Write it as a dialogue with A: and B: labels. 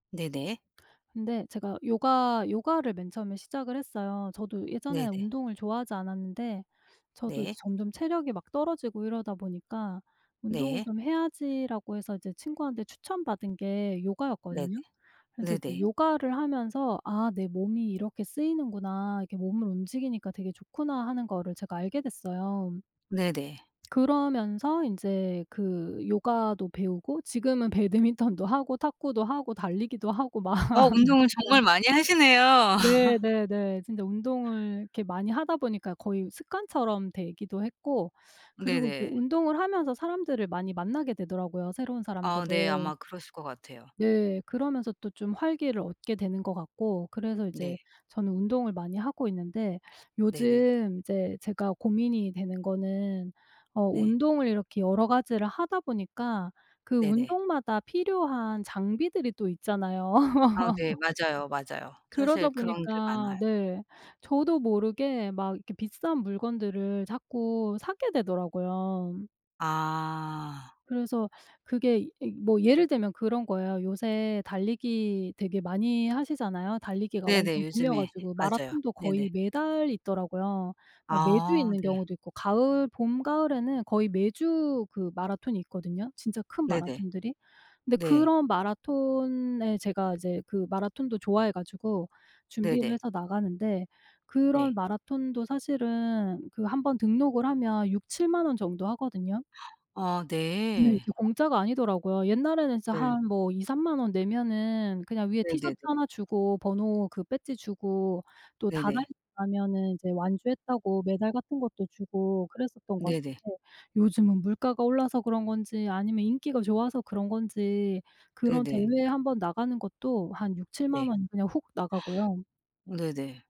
A: 네네.
B: 근데 제가 요가 요가를 맨 처음에 시작을 했어요. 저도 예전에
A: 네네.
B: 운동을 좋아하지 않았는데 저도
A: 네.
B: 점점 체력이 막 떨어지고 이러다 보니까 '운동을
A: 네.
B: 좀 해야지.'라고 해서 이제 친구한테 추천 받은 게
A: 네네.
B: 요가였거든요. 그래서 이제
A: 네네.
B: 요가를 하면서 '아 내 몸이 이렇게 쓰이는구나. 이렇게 몸을 움직이니까 되게 좋구나.' 하는 거를 제가 알게 됐어요.
A: 네네.
B: 그러면서 인제 그 요가도 배우고 지금은 배드민턴도 하고 탁구도 하고 달리기도 하고 막
A: 어 운동을 정말
B: 진짜
A: 많이 하시네요.
B: 네네네. 진짜 운동을 이렇게 많이 하다 보니까 거의 습관처럼 되기도 했고 그리고 이제
A: 네네.
B: 운동을 하면서 사람들을 많이 만나게 되더라고요 새로운
A: 아 네.
B: 사람들을.
A: 아마 그러실 것 같아요.
B: 네. 그러면서 또 좀 활기를 얻게 되는 것 같고 그래서 이제
A: 네.
B: 저는 운동을 많이 하고 있는데
A: 네네.
B: 요즘 이제 제가 고민이 되는 거는 어
A: 네.
B: 운동을 이렇게 여러 가지를 하다 보니까 그
A: 네네.
B: 운동마다 필요한 장비들이 또 있잖아요.
A: 아 네. 맞아요, 맞아요. 사실
B: 그러다
A: 그런 게
B: 보니까
A: 많아요.
B: 네 저도 모르게 막 이렇게 비싼 물건들을 자꾸 사게 되더라고요.
A: 아.
B: 그래서 그게 이 뭐 예를 들면 그런 거예요. 요새 달리기 되게 많이 하시잖아요. 달리기가
A: 네네.
B: 완전 붐이어
A: 요즘에.
B: 가지고
A: 맞아요.
B: 마라톤도 거의
A: 네네.
B: 매달 있더라고요. 뭐 매주
A: 아.
B: 있는
A: 네.
B: 경우도 있고 가을 봄 가을에는 거의 매주 그 마라톤이 있거든요 진짜 큰
A: 네네.
B: 마라톤들이. 근데
A: 네.
B: 그런 마라톤에 제가 이제 그 마라톤도 좋아해 가지고 준비를
A: 네네.
B: 해서 나가는데 그런
A: 네.
B: 마라톤도 사실은 그 1 번 등록을 하면 60,000-70,000 원 정도 하거든요.
A: 어.
B: 네.
A: 네.
B: 이게 공짜가 아니더라고요. 옛날에는 진짜 한
A: 늠.
B: 뭐 20,000-30,000 원 내면은 그냥 위에
A: 네네네.
B: 티셔츠 하나 주고 번호 그 배지 주고 또 다
A: 네네.
B: 달리고 가면은 이제 완주했다고 메달 같은 것도 주고 그랬었던 것
A: 네네.
B: 같은데 요즘은 물가가 올라서 그런 건지 아니면 인기가 좋아서 그런 건지 그런
A: 네네.
B: 대회에 1 번 나가는 것도 한 60,000-70,000
A: 네.
B: 원 그냥 훅 나가고요.
A: 네네.